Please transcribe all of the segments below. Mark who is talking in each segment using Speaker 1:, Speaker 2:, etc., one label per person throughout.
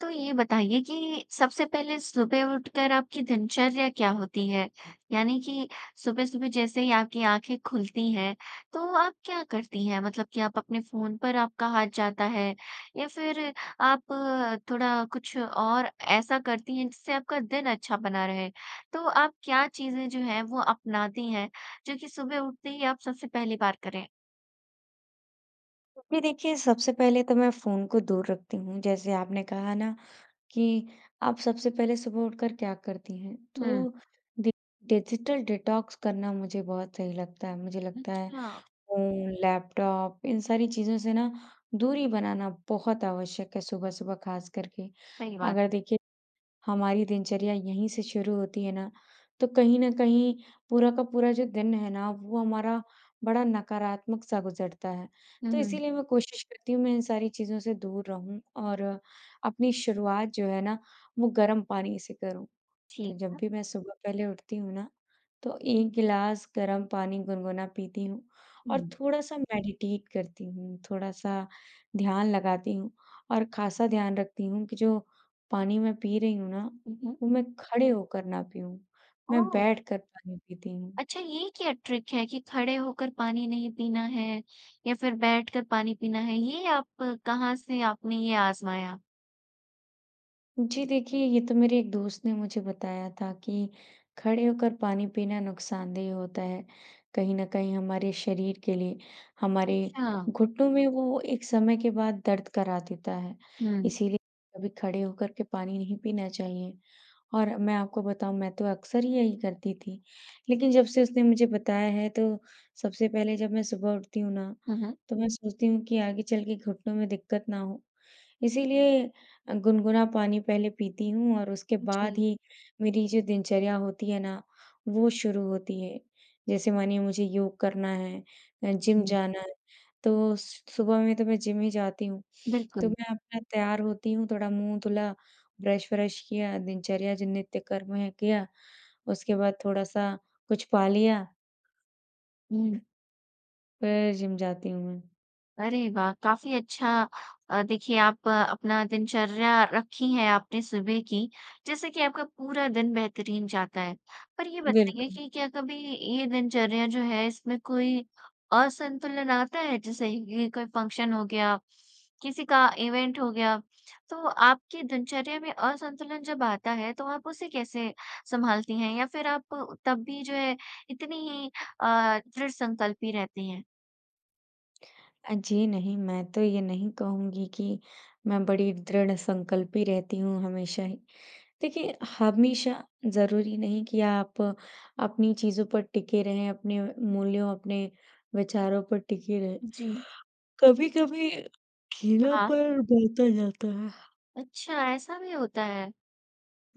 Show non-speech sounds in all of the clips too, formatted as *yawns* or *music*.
Speaker 1: तो ये बताइए कि सबसे पहले सुबह उठकर आपकी दिनचर्या क्या होती है? यानी कि सुबह-सुबह जैसे ही आपकी आँखें खुलती हैं, तो आप क्या करती हैं मतलब कि, आप अपने फ़ोन पर आपका हाथ जाता है या फ़िर आप थोड़ा कुछ और ऐसा करती हैं जिससे आपका दिन अच्छा बना रहे? तो आप क्या चीज़ें जो हैं वो अपनाती हैं, जो कि सुबह उठते ही आप सबसे पहली बार करें?
Speaker 2: तो फ़िर देखिए सबसे पहले तो मैं फ़ोन को दूर रखती हूँ, जैसे आपने कहा न कि आप सबसे पहले सुबह उठकर क्या करती हैं
Speaker 1: हुँ।
Speaker 2: तो डि डिजिटल डिटॉक्स करना मुझे बहुत सही लगता है। मुझे लगता है
Speaker 1: अच्छा।
Speaker 2: फ़ोन, लैपटॉप इन सारी चीज़ों से न दूरी बनाना बहुत आवश्यक है सुबह-सुबह ख़ास करके।
Speaker 1: सही बात
Speaker 2: अगर
Speaker 1: है।
Speaker 2: देखिए हमारी दिनचर्या यहीं से शुरू होती है ना तो कहीं न कहीं पूरा का पूरा जो दिन है ना, वो हमारा बड़ा नकारात्मक सा गुज़रता है।
Speaker 1: हुँ,
Speaker 2: तो
Speaker 1: हुँ।
Speaker 2: इसीलिए मैं कोशिश करती हूँ मैं इन सारी चीज़ों से दूर रहूँ और अपनी शुरुआत जो है ना वो गरम पानी से करूँ।
Speaker 1: ठीक
Speaker 2: तो जब
Speaker 1: है।
Speaker 2: भी मैं सुबह पहले उठती हूँ ना, तो 1 गिलास गरम पानी गुनगुना पीती हूँ और
Speaker 1: ऊँ।
Speaker 2: थोड़ा-सा मेडिटेट करती हूँ, थोड़ा-सा ध्यान लगाती हूँ। और ख़ासा ध्यान रखती हूँ कि जो पानी मैं पी रही हूँ ना,
Speaker 1: हुँ, हुँ।
Speaker 2: वो मैं खड़े होकर ना पियूँ, मैं
Speaker 1: ओह!
Speaker 2: बैठ कर पानी पीती हूँ।
Speaker 1: अच्छा ये क्या ट्रिक है कि खड़े होकर पानी नहीं पीना है या फ़िर बैठकर पानी, पीना है। ये आप कहाँ से आपने ये आजमाया?
Speaker 2: जी देखिये, ये तो मेरे एक दोस्त ने मुझे बताया था कि खड़े होकर पानी पीना नुकसानदेह होता है। कहीं न कहीं हमारे शरीर के लिए, हमारे
Speaker 1: अच्छा।
Speaker 2: घुटनों में वो एक समय के बाद दर्द करा देता है।
Speaker 1: हुँ।
Speaker 2: इसीलिए कभी खड़े होकर के पानी नहीं पीना चाहिए और मैं आपको बताऊँ, मैं तो अक्सर ही यही करती थी। लेकिन जब से उसने मुझे बताया है, तो सबसे पहले, जब मैं सुबह उठती हूँ ना,
Speaker 1: हुँ, हुँ।
Speaker 2: तो मैं सोचती हूँ कि आगे चल के घुटनों में दिक्कत ना हो। इसीलिए अ, गुनगुना पानी पहले पीती हूँ और उसके बाद
Speaker 1: जी।
Speaker 2: ही मेरी जो दिनचर्या होती है ना, वो शुरू होती है। जैसे मानिए, मुझे योग करना है या
Speaker 1: उ
Speaker 2: जिम
Speaker 1: हुँ।
Speaker 2: जाना है, तो स सुबह में तो मैं जिम ही जाती हूँ। तो
Speaker 1: बिल्कुल।
Speaker 2: मैं अपना तैयार होती हूँ, थोड़ा मुँह धुला, ब्रश व्रश किया, दिनचर्या, जिन नित्यकर्म हैं, किया, उसके बाद थोड़ा-सा कुछ पा लिया
Speaker 1: हुँ।
Speaker 2: फिर जिम जाती हूँ मैं।
Speaker 1: अरे, वाह! काफ़ी अच्छा अ, देखिए, आप अपना दिनचर्या रखी है आपने सुबह की, जिससे कि आपका पूरा दिन बेहतरीन जाता है। पर ये बताइए
Speaker 2: बिल्कुल।
Speaker 1: कि क्या कभी ये दिनचर्या जो है, इसमें कोई असंतुलन आता है? जैसे कि कोई फ़ंक्शन हो गया, किसी का इवेंट हो गया, तो आपके दिनचर्या में असंतुलन जब आता है, तो आप उसे कैसे सँभालती हैं या फ़िर आप तब भी जो है, इतनी ही अ, दृढ़ संकल्पी रहती हैं?
Speaker 2: अ, जी नहीं, मैं तो ये नहीं कहूँगी कि मैं बड़ी दृढ़ संकल्पी रहती हूँ हमेशा ही। देखिए हमेशा ज़रूरी नहीं कि आप अपनी चीज़ों पर टिके रहें, अपने मूल्यों, अपने विचारों पर टिके रहें।
Speaker 1: जी।
Speaker 2: *yawns* कभी-कभी
Speaker 1: ह हाँ।
Speaker 2: ढीलापन बढ़ता जाता है।
Speaker 1: अच्छा, ऐसा भी होता है।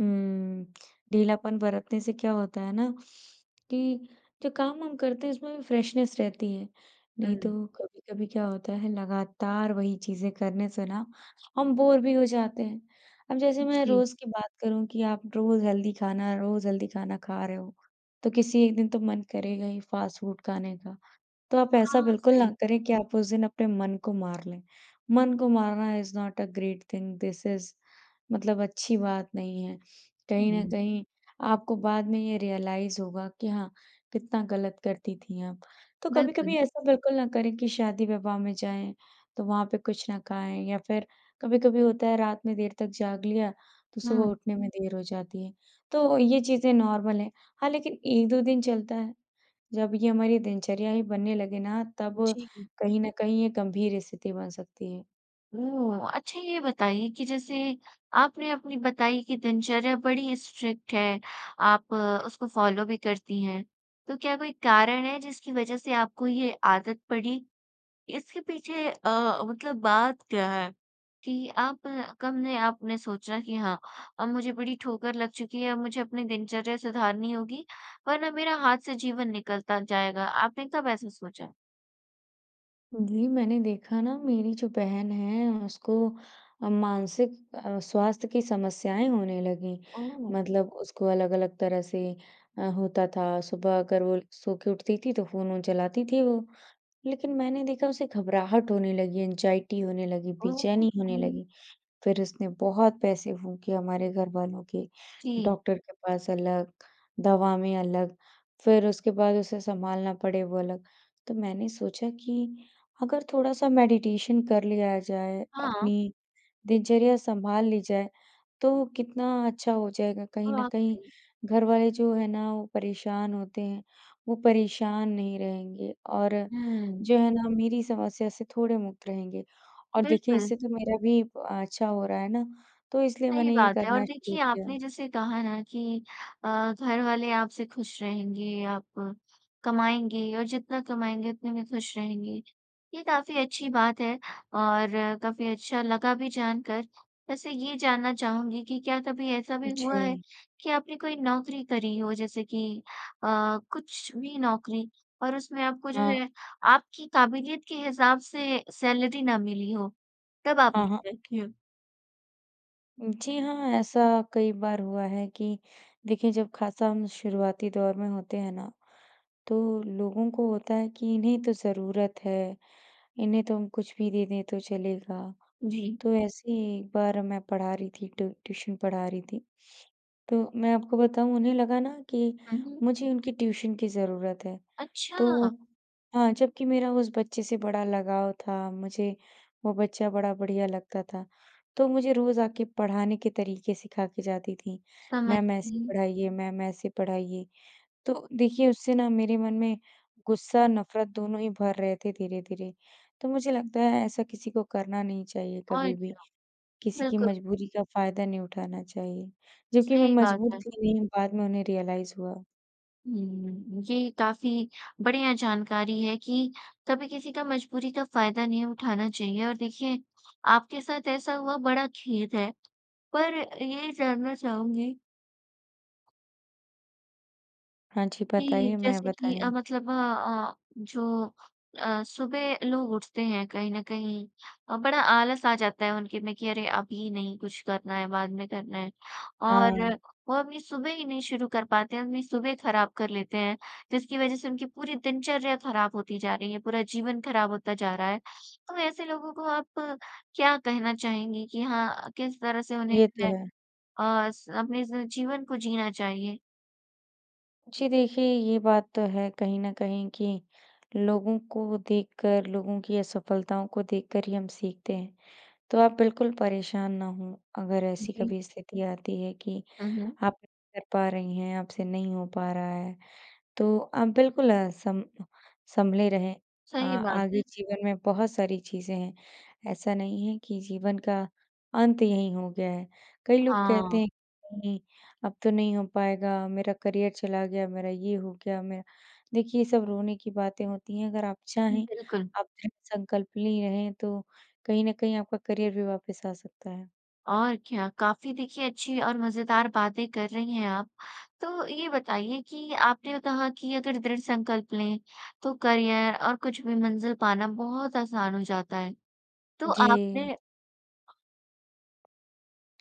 Speaker 2: हम्म, ढीलापन बरतने से क्या होता है ना कि, जो काम हम करते हैं, उसमें भी फ़्रेशनेस रहती है। नहीं तो
Speaker 1: हुँ।
Speaker 2: कभी-कभी क्या होता है, लगातार वही चीज़ें करने से ना हम बोर भी हो जाते हैं। अब जैसे मैं
Speaker 1: जी।
Speaker 2: रोज़ की बात करूँ कि आप रोज़ हेल्दी खाना रोज़ हेल्दी खाना खा रहे हो, तो किसी एक दिन तो मन करेगा ही फ़ास्ट फ़ूड खाने का। तो आप ऐसा
Speaker 1: हाँ,
Speaker 2: बिल्कुल ना
Speaker 1: सही।
Speaker 2: करें कि आप उस दिन अपने मन को मार लें। मन को मारना is not a great thing this is मतलब अच्छी बात नहीं है। कहीं न कहीं आपको बाद में ये रियलाइज़ होगा कि हाँ, कितना गलत करती थी आप। तो कभी-कभी
Speaker 1: बिल्कुल।
Speaker 2: ऐसा बिल्कुल ना करें कि शादी-विवाह में जाएँ, तो वहाँ पे कुछ ना खाएँ या फिर कभी-कभी होता है, रात में देर तक जाग लिया, तो
Speaker 1: हुँ,
Speaker 2: सुबह
Speaker 1: हुँ।
Speaker 2: उठने में देर हो जाती है, तो ये चीज़े नॉर्मल हैं। हाँ, लेकिन 1-2 दिन चलता है। जब ये हमारी दिनचर्या ही बनने लगे ना तब
Speaker 1: जी।
Speaker 2: कहीं न कहीं ये गंभीर स्थिति बन सकती है।
Speaker 1: ओह! अच्छा ये बताइए कि जैसे आपने अपनी बताई कि दिनचर्या बड़ी स्ट्रिक्ट है, आप उसको फॉलो भी करती हैं। तो क्या कोई कारण है, जिसकी वजह से आपको ये आदत पड़ी? इसके पीछे अ, मतलब बात क्या है कि आप कब ने, आपने सोचा कि हाँ, अब मुझे बड़ी ठोकर लग चुकी है, अब मुझे अपने दिनचर्या सुधारनी होगी, वरना मेरा हाथ से जीवन निकलता जाएगा। आपने कब ऐसा सोचा?
Speaker 2: जी, मैंने देखा ना, मेरी जो बहन है, उसको मानसिक अ, स्वास्थ्य की समस्याएँ होने लगीं,
Speaker 1: ओह!
Speaker 2: मतलब उसको अलग-अलग तरह से अ, होता था। सुबह अगर वो एक सोके उठती थी, तो फ़ोन-वोन चलाती थी वो। लेकिन मैंने देखा, उसे घबराहट होने लगी, ऐंगज़ाइटी होने लगी,
Speaker 1: ओह!
Speaker 2: बेचैनी होने
Speaker 1: *unintelligible*
Speaker 2: लगी। फिर उसने बहुत पैसे फूँके हमारे घरवालों के,
Speaker 1: जी।
Speaker 2: डॉक्टर के पास अलग, दवा में अलग, फिर उसके बाद उसे संभालना पड़े, वो अलग। तो मैंने सोचा कि अगर थोड़ा-सा मेडिटेशन कर लिया जाए,
Speaker 1: हाँ।
Speaker 2: अपनी दिनचर्या सँभाल ली जाए, तो कितना अच्छा हो जाएगा। कहीं न
Speaker 1: बहुत
Speaker 2: कहीं
Speaker 1: सही।
Speaker 2: घरवाले जो हैं ना, वो परेशान होते हैं। वो परेशान नहीं रहेंगे और
Speaker 1: हुँ।
Speaker 2: जो है ना, मेरी समस्या से थोड़े मुक्त रहेंगे और देखिए,
Speaker 1: बिल्कुल।
Speaker 2: इससे तो मेरा भी अच्छा हो रहा है ना, तो इसलिए
Speaker 1: सही
Speaker 2: मैंने ये
Speaker 1: बात है और
Speaker 2: करना शुरू
Speaker 1: देखिए,
Speaker 2: किया।
Speaker 1: आपने जैसे कहा ना कि अ, घरवाले आपसे खुश रहेंगे, आप कमाएँगे और जितना कमाएँगे, उतने में खुश रहेंगे। ये काफ़ी अच्छी बात है और काफ़ी अच्छा लगा भी जानकर। वैसे ये जानना चाहूँगी कि क्या कभी ऐसा भी हुआ है
Speaker 2: जी।
Speaker 1: कि आपने कोई नौकरी करी हो, जैसे कि अ, कुछ भी नौकरी और उसमें आपको जो
Speaker 2: हाँ।
Speaker 1: है, आपकी काबिलियत के हिसाब से सैलरी ना मिली हो, तब आपने
Speaker 2: हाँ, हाँ।
Speaker 1: क्या किया?
Speaker 2: जी हाँ, ऐसा कई बार हुआ है कि देखिए, जब खासा हम शुरुआती दौर में होते हैं ना, तो लोगों को होता है कि, "इन्हें तो ज़रूरत है। इन्हें तो हम कुछ भी दे दें, तो चलेगा।"
Speaker 1: जी।
Speaker 2: तो ऐसे ही एक बार मैं पढ़ा रही थी ट्यू ट्यूशन पढ़ा रही थी। तो मैं आपको बताऊँ, उन्हें लगा ना कि
Speaker 1: उहुँ।
Speaker 2: मुझे उनकी ट्यूशन की ज़रूरत है।
Speaker 1: अच्छा!
Speaker 2: तो हाँ, जबकि मेरा उस बच्चे से बड़ा लगाव था, मुझे वो बच्चा बड़ा बढ़िया लगता था। तो मुझे रोज़ आके पढ़ाने के तरीके सिखा के जाती थीं, "मैम
Speaker 1: समझती
Speaker 2: ऐसे
Speaker 1: हूँ।
Speaker 2: पढ़ाइए, मैम ऐसे पढ़ाइए।" तो देखिए, उससे ना मेरे मन में गुस्सा, नफ़रत, दोनों ही भर रहे थे धीरे-धीरे। तो मुझे लगता है, ऐसा किसी को करना नहीं चाहिए
Speaker 1: और
Speaker 2: कभी भी।
Speaker 1: क्या।
Speaker 2: किसी की
Speaker 1: बिल्कुल।
Speaker 2: मजबूरी का फ़ायदा नहीं उठाना चाहिए। जबकि मैं
Speaker 1: सही बात
Speaker 2: मजबूर
Speaker 1: है।
Speaker 2: थी नहीं, बाद में उन्हें रियलाइज़ हुआ।
Speaker 1: हुँ, ये काफ़ी बढ़िया जानकारी है कि कभी किसी का मजबूरी का फ़ायदा नहीं उठाना चाहिए, और देखिए आपके साथ ऐसा हुआ, बड़ा खेद है। पर ये जानना चाहूँगी
Speaker 2: हाँ जी,
Speaker 1: कि
Speaker 2: बताइए, मैं
Speaker 1: जैसे कि
Speaker 2: बताईं
Speaker 1: अ,
Speaker 2: हूँ।
Speaker 1: मतलब अ अ, जो अ, सुबह लोग उठते हैं कहीं न कहीं अ, बड़ा आलस आ जाता है उनके में कि अरे, अभी नहीं कुछ करना है, बाद में करना है। और
Speaker 2: हाँ।
Speaker 1: वो अपनी सुबह ही नहीं शुरू कर पाते हैं, अपनी सुबह खराब कर लेते हैं, जिसकी वजह से उनकी पूरी दिनचर्या खराब होती जा रही है, पूरा जीवन खराब होता जा रहा है। तो ऐसे लोगों को आप क्या कहना चाहेंगी कि हाँ, किस तरह से उन्हें
Speaker 2: ये
Speaker 1: जो
Speaker 2: तो
Speaker 1: है
Speaker 2: है।
Speaker 1: अ, स अपने इस जीवन को जीना चाहिए?
Speaker 2: जी, देखिए ये बात तो है कहीं न कहीं कि लोगों को देखकर, लोगों की असफलताओं को देखकर ही हम सीखते हैं, तो आप बिल्कुल परेशान ना हों। अगर ऐसी
Speaker 1: जी।
Speaker 2: कभी स्थिति आती है कि
Speaker 1: हुँ, हुँ।
Speaker 2: आप कर पा रही हैं, आपसे नहीं हो पा रहा है, तो अ, बिल्कुल अ, सम सँभले रहें। अ,
Speaker 1: सही बात
Speaker 2: आगे
Speaker 1: है।
Speaker 2: जीवन में बहुत सारी चीज़ें हैं, ऐसा नहीं है कि जीवन का अंत यहीं हो गया है। कई लोग कहते
Speaker 1: हाँ।
Speaker 2: हैं, "नहीं, अब तो नहीं हो पाएगा, मेरा करियर चला गया, मेरा ये हो गया, मेरा" देखिए ये सब रोने की बातें होती हैं, अगर आप चाहें,
Speaker 1: बिल्कुल।
Speaker 2: आप दृढ़ संकल्प ली रहें, तो कहीं न कहीं आपका करियर भी वापस आ सकता है।
Speaker 1: और क्या। काफ़ी देखिए अच्छी और मज़ेदार बातें कर रही हैं आप, तो ये बताइए कि आपने अ, कहा कि अगर दृढ़ संकल्प लें, तो करियर और कुछ भी मंज़िल पाना बहुत आसान हो जाता है। तो
Speaker 2: जी।
Speaker 1: आपने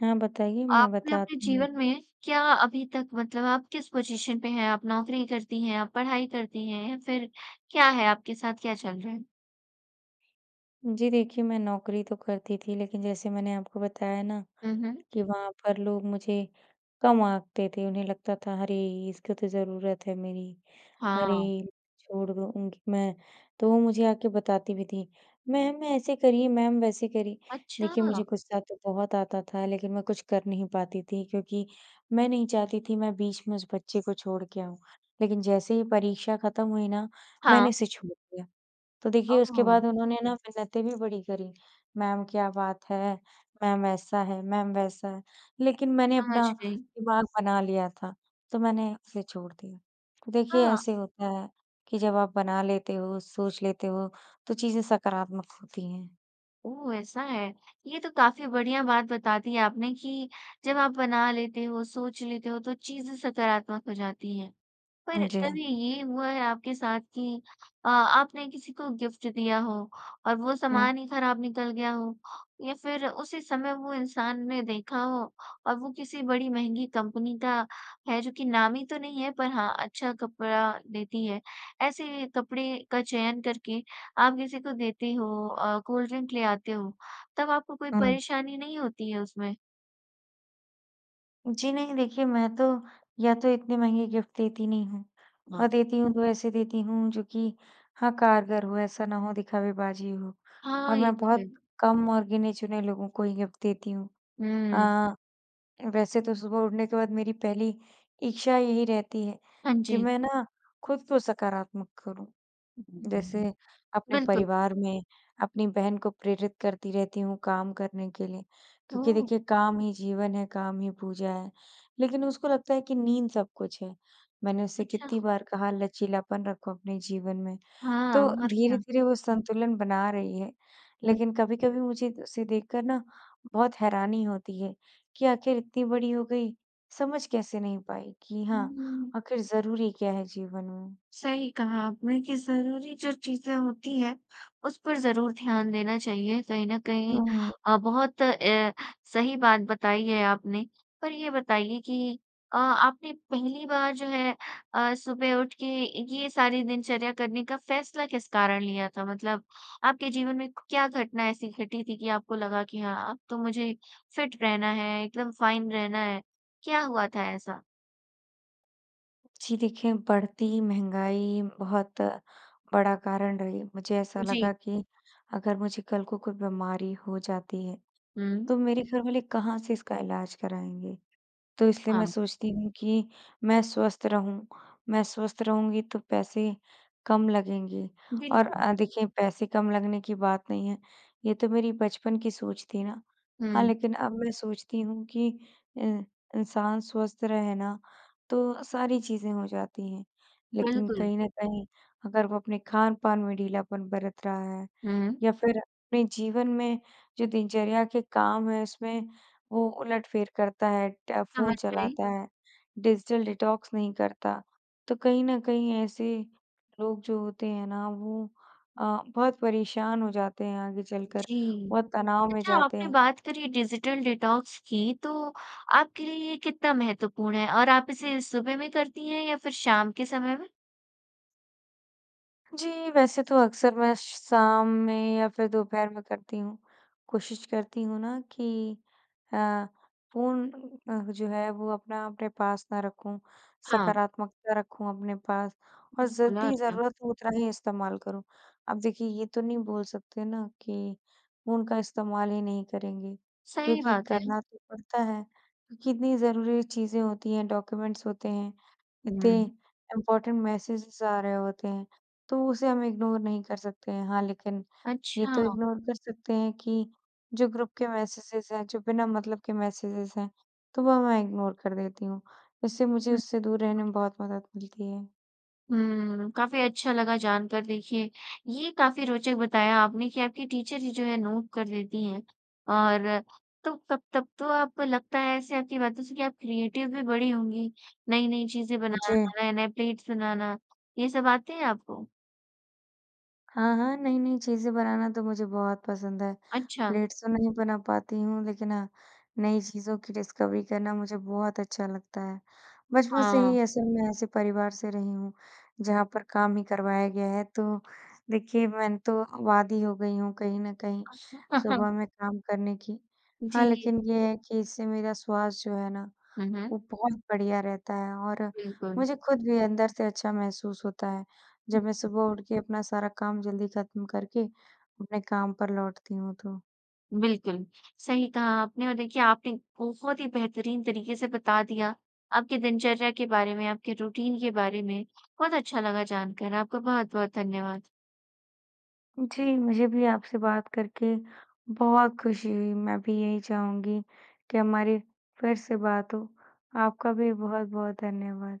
Speaker 2: हाँ बताइए, मैं
Speaker 1: आपने अपने
Speaker 2: बताती हूँ।
Speaker 1: जीवन में क्या अभी तक मतलब आप किस पॉज़िशन पे हैं? आप नौकरी करती हैं, आप पढ़ाई करती हैं, या फिर क्या है आपके साथ, क्या चल रहा है?
Speaker 2: जी देखिए, मैं नौकरी तो करती थी। लेकिन जैसे मैंने आपको बताया ना,
Speaker 1: हुँ, हुँ।
Speaker 2: कि वहाँ पर लोग मुझे कम आँकते थे। उन्हें लगता था अरे इसको तो ज़रूरत है मेरी,
Speaker 1: हाँ।
Speaker 2: अरे छोड़ दो उनकी मैं तो मुझे आ के बताती भी थी, मैम ऐसे करिए, मैम वैसे करिए। देखिए
Speaker 1: अच्छा!
Speaker 2: मुझे गुस्सा तो बहुत आता था, लेकिन मैं कुछ कर नहीं पाती थी, क्योंकि मैं नहीं चाहती थी मैं बीच में उस बच्चे को छोड़ के आऊँ, लेकिन जैसे ही परीक्षा खत्म हुई ना, मैंने
Speaker 1: हाँ।
Speaker 2: इसे छोड़ दिया। तो देखिए उसके
Speaker 1: ओह!
Speaker 2: बाद उन्होंने ना मिन्नतें भी बड़ी करी, मैम क्या बात है मैम ऐसा है, मैम वैसा है लेकिन मैंने
Speaker 1: समझ
Speaker 2: अपना
Speaker 1: गई।
Speaker 2: दिमाग बना लिया था, तो मैंने उसे छोड़ दिया। देखिए
Speaker 1: हाँ।
Speaker 2: ऐसे होता है, कि जब आप बना लेते हो सोच लेते हो तो चीज़ें सकारात्मक होती हैं।
Speaker 1: ओह ऐसा है, ये तो काफ़ी बढ़िया बात बता दी आपने कि जब आप बना लेते हो, सोच लेते हो तो चीज़ें सकारात्मक हो जाती हैं। पर
Speaker 2: जी।
Speaker 1: तभी ये हुआ है आपके साथ कि अ आपने किसी को गिफ्ट दिया हो और वो
Speaker 2: हुँ।
Speaker 1: सामान ही खराब निकल गया हो? या फिर उसी समय वो इंसान ने देखा हो और वो किसी बड़ी महँगी कंपनी का है जो कि नामी तो नहीं है पर हाँ अच्छा कपड़ा देती है। ऐसे कपड़े का चयन करके आप किसी को देते हो, अ, कोल्ड ड्रिंक ले आते हो। तब आपको कोई
Speaker 2: हुँ।
Speaker 1: परेशानी नहीं होती है उसमें?
Speaker 2: जी नहीं, देखिए मैं तो या तो इतने महँगे गिफ्ट देती नहीं हूँ, और
Speaker 1: वाह।
Speaker 2: देती हूँ, तो ऐसे देती हूँ जो कि हाँ, कारगर हो ऐसा ना हो दिखावेबाजी हो।
Speaker 1: हाँ।
Speaker 2: और
Speaker 1: ये
Speaker 2: मैं
Speaker 1: तो है।
Speaker 2: बहुत कम और गिने-चुने लोगों को ही देती हूँ।
Speaker 1: हुँ।
Speaker 2: अ, वैसे तो सुबह उठने के बाद मेरी पहली इच्छा यही रहती है,
Speaker 1: हाँ
Speaker 2: कि
Speaker 1: जी।
Speaker 2: मैं ना खुद को सकारात्मक करूँ,
Speaker 1: *unintelligible*
Speaker 2: जैसे अपने
Speaker 1: बिल्कुल।
Speaker 2: परिवार में अपनी बहन को प्रेरित करती रहती हूँ, काम करने के लिए, क्योंकि
Speaker 1: ओह!
Speaker 2: देखिए काम ही जीवन है, काम ही पूजा है। लेकिन उसको लगता है, कि नींद सब कुछ है। मैंने उससे
Speaker 1: अच्छा,
Speaker 2: कितनी
Speaker 1: हाँ।
Speaker 2: बार कहा लचीलापन रखो अपने जीवन में
Speaker 1: हाँ
Speaker 2: तो
Speaker 1: और क्या।
Speaker 2: धीरे-धीरे वों संतुलन बना रही है,
Speaker 1: हुँ।
Speaker 2: लेकिन कभी-कभी मुझे उसे देखकर ना बहुत हैरानी होती है, कि आख़िर इतनी बड़ी हो गई, समझ कैसे नहीं पाई कि
Speaker 1: हुँ,
Speaker 2: हाँ
Speaker 1: हुँ, हुँ।
Speaker 2: आख़िर ज़रूरी क्या है जीवन में।
Speaker 1: सही कहा आपने कि ज़रूरी जो चीज़ें होती हैं, उस पर ज़रूर ध्यान देना चाहिए कहीं न कहीं,
Speaker 2: हुँ।
Speaker 1: अ, बहुत अ, सही बात बताई है। आपने पर ये बताइए कि अ, आपने पहली बार जो है, अ, सुबह उठ के ये सारे दिनचर्या करने का फ़ैसला किस कारण लिया था? मतलब, आपके जीवन में क क्या घटना ऐसी घटी थी? कि आपको लगा कि हाँ अब तो मुझे फिट रहना है, एकदम फाइन रहना है, क्या हुआ था ऐसा?
Speaker 2: जी, देखें बढ़ती महँगाई बहुत बड़ा कारण रही, मुझे ऐसा
Speaker 1: जी।
Speaker 2: लगा कि, अगर मुझे कल को कोई बीमारी हो जाती है,
Speaker 1: हुँ।
Speaker 2: तो मेरे घरवाले कहाँ से इसका इलाज कराएँगे। तो इसलिए मैं
Speaker 1: हाँ।
Speaker 2: सोचती हूँ, कि मैं स्वस्थ रहूँ, मैं स्वस्थ रहूँगी, तो पैसे कम लगेंगे और
Speaker 1: बिल्कुल।
Speaker 2: अ, देखिए, पैसे कम लगने की बात नहीं है, ये तो मेरी बचपन की सोच थी ना। हाँ,
Speaker 1: हुँ।
Speaker 2: लेकिन अब मैं सोचती हूँ कि अ, इंसान स्वस्थ रहे ना, तो सारी चीज़ें हो जाती हैं। लेकिन
Speaker 1: बिल्कुल।
Speaker 2: कहीं न कहीं अगर वो अपने खान-पान में ढीलापन बरत रहा है
Speaker 1: हुँ।
Speaker 2: या फिर अपने जीवन में जो दिनचर्या के काम हैं, उसमें वो उलटफेर करता है, ट फ़ोन
Speaker 1: समझ गई।
Speaker 2: चलाता है, डिजिटल डिटॉक्स नहीं करता। तो कहीं न कहीं ऐसे लोग जो होते हैं, ना वो अ, बहुत परेशान हो जाते हैं, आगे चलकर,
Speaker 1: जी,
Speaker 2: बहुत तनाव में
Speaker 1: अच्छा
Speaker 2: जाते
Speaker 1: आपने
Speaker 2: हैं।
Speaker 1: बात करी डिजिटल डिटॉक्स की, तो आपके लिए ये कितना महत्वपूर्ण है और आप इसे सुबह में करती हैं या फिर शाम के समय में?
Speaker 2: जी, वैसे तो अक्सर मैं शाम में या फिर दोपहर में करती हूँ, कोशिश करती हूँ ना, कि अ, फ़ोन अ, जो है वो अपना अपने पास ना रखूँ।
Speaker 1: हाँ।
Speaker 2: सकारात्मकता रखूँ अपने पास और
Speaker 1: बिल्कुल और
Speaker 2: जितनी
Speaker 1: क्या?
Speaker 2: ज़रूरत हो उतना ही इस्तेमाल करूँ। अब देखिए, ये तो नहीं बोल सकते ना, कि उनका इस्तेमाल ही नहीं करेंगे।
Speaker 1: सही
Speaker 2: क्योंकि
Speaker 1: बात है।
Speaker 2: करना तो पड़ता है अ, कितनी ज़रूरी चीज़ें होती हैं, डॉक्यूमेंट्स होते हैं। इतने
Speaker 1: हुँ।
Speaker 2: इम्पॉर्टेंट मैसेजेज़ आ रहे होते हैं, तो उसे हम इग्नोर नहीं कर सकते हैं। हाँ, लेकिन ये
Speaker 1: अच्छा।
Speaker 2: तो इग्नोर कर सकते हैं, कि जो ग्रुप के मैसेजेज़ हैं, जो बिना मतलब के मैसेजेज़ हैं, तो वह मैं इग्नोर कर देती हूँ। इससे मुझे
Speaker 1: हुँ।
Speaker 2: उससे दूर रहने में
Speaker 1: *unintelligible*
Speaker 2: बहुत मदद मिलती है।
Speaker 1: हुँ। काफ़ी अच्छा लगा जानकर देखिए ये काफ़ी रोचक बताया आपने कि आपकी टीचर ही जो है नोट कर लेती हैं और तो तब तब तो आपको लगता है ऐसे आपकी बातों से कि आप क्रिएटिव भी बड़ी होंगी। नई-नई चीज़ें बनाना,
Speaker 2: जी।
Speaker 1: नए-नए प्लेट्स बनाना। ये सब आते हैं आपको?
Speaker 2: हाँ, हाँ। नई-नई चीज़ें बनाना तो मुझे बहुत पसंद है।
Speaker 1: अच्छा।
Speaker 2: प्लेट्स तो मै नहीं बना पाती हूँ लेकिन हाँ, नई चीज़ों की डिस्कवरी करना मुझे बहुत अच्छा लगता है। बचपन से
Speaker 1: हाँ।
Speaker 2: ही ऐसे मैं ऐसे परिवार से रही हूँ, जहाँ पर काम ही करवाया गया है, तो देखिए मैं तो अब आदी ही हो गई हूँ कहीं न कहीं
Speaker 1: *laughs*
Speaker 2: सुबह में काम करने की। हाँ,
Speaker 1: जी।
Speaker 2: लेकिन ये है कि इससे मेरा स्वस्थ जो है ना
Speaker 1: हुँ, हुँ।
Speaker 2: वो बहुत बढ़िया रहता है और
Speaker 1: बिल्कुल।
Speaker 2: मुझे खुद भी अंदर से अच्छा महसूस होता है, जब मैं
Speaker 1: *unintelligible*
Speaker 2: सुबह उठकर अपना सारा काम जल्दी ख़त्म करके अपने काम पर लौटती हूँ तो।
Speaker 1: बिल्कुल, सही कहा आपने और देखिए आपने बहुत ही बेहतरीन तरीके से बता दिया। आपके दिनचर्या के बारे में, आपके रूटीन के बारे में, बहुत अच्छा लगा जानकर। आपका बहुत-बहुत धन्यवाद।
Speaker 2: जी, मुझे भी आपसे बात करके बहुत खुशी हुई। मैं भी यहीं चाहूँगी कि हमारी फ़िर से बात हो। आपका भी बहुत-बहुत धन्यवाद।